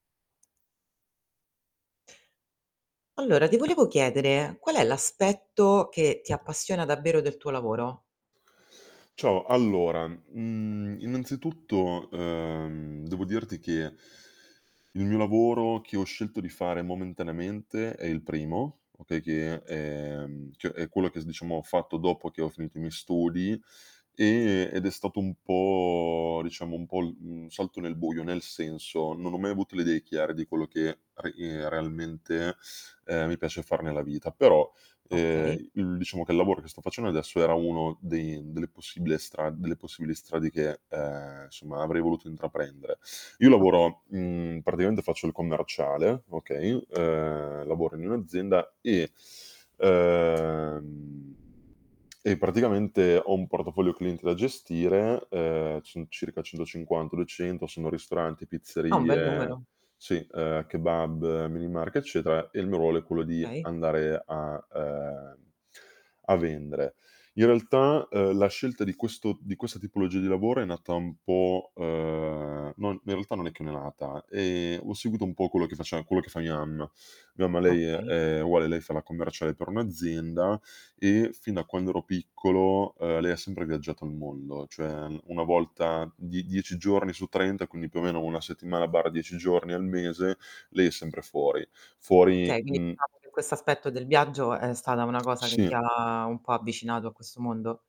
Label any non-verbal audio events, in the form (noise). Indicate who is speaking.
Speaker 1: Allora ti volevo chiedere. Qual è l'aspetto, che ti appassiona davvero del tuo lavoro?
Speaker 2: Ciao, allora, mhmm, innanzitutto, ehm, devo dirti che il mio lavoro che ho scelto di fare momentaneamente, è il primo, okay, che ehm, cioè è quello che diciamo ho fatto dopo che ho finito i miei studi e ed è stato un po' diciamo un po' l mhmm, un salto nel buio. Nel senso, non ho mai avuto le idee chiare di quello che a ehm, realmente, uhm, mi piace far nella vita, però,
Speaker 1: Okay.
Speaker 2: ehm, il diciamo che lavoro che sto facendo adesso, era uno dei delle possible stra delle possibili strade, che, ehm, insomma avrei voluto intraprendere. Io
Speaker 1: Okay.
Speaker 2: lavoro mhmm, praticamente faccio il commerciale, okay. Uhm, lavoro in un'azienda e, uhm, (smacks lips) e praticamente ho un portafoglio clienti da gestire. Uhm, ci son circa 150, 200. Sono ristoranti,
Speaker 1: Ah, un bel
Speaker 2: pizzerie
Speaker 1: numero.
Speaker 2: sì, uhm, a kebab, minimarket, eccetera. E il mio ruolo è quello di
Speaker 1: Okay.
Speaker 2: andare a, uhm, a vendere. In realtà, uhm, la scelta di questo di questa tipologia di lavoro, è nata un po', uhm, non ne realtà non è che ne è nata, ehm, u seguito un po' quello che faceva quello che fa mia mamma. Mia mamma lei, ehm,
Speaker 1: Okay.
Speaker 2: è uguale, lei fa la commerciale per un'azienda e fin da quando ero piccolo, uhm, lei ha sempre viaggiato il mondo, cioè 1 volta die dieci giorni su 30, quindi più o meno 1 settimana/10 giorni al mese, lei è sempre fuori. Fuori,
Speaker 1: Okay, quindi
Speaker 2: mhmm
Speaker 1: diciamo che quest'aspetto del viaggio, è stata una cosa che ti
Speaker 2: Sì.
Speaker 1: ha un po' avvicinato a questo mondo?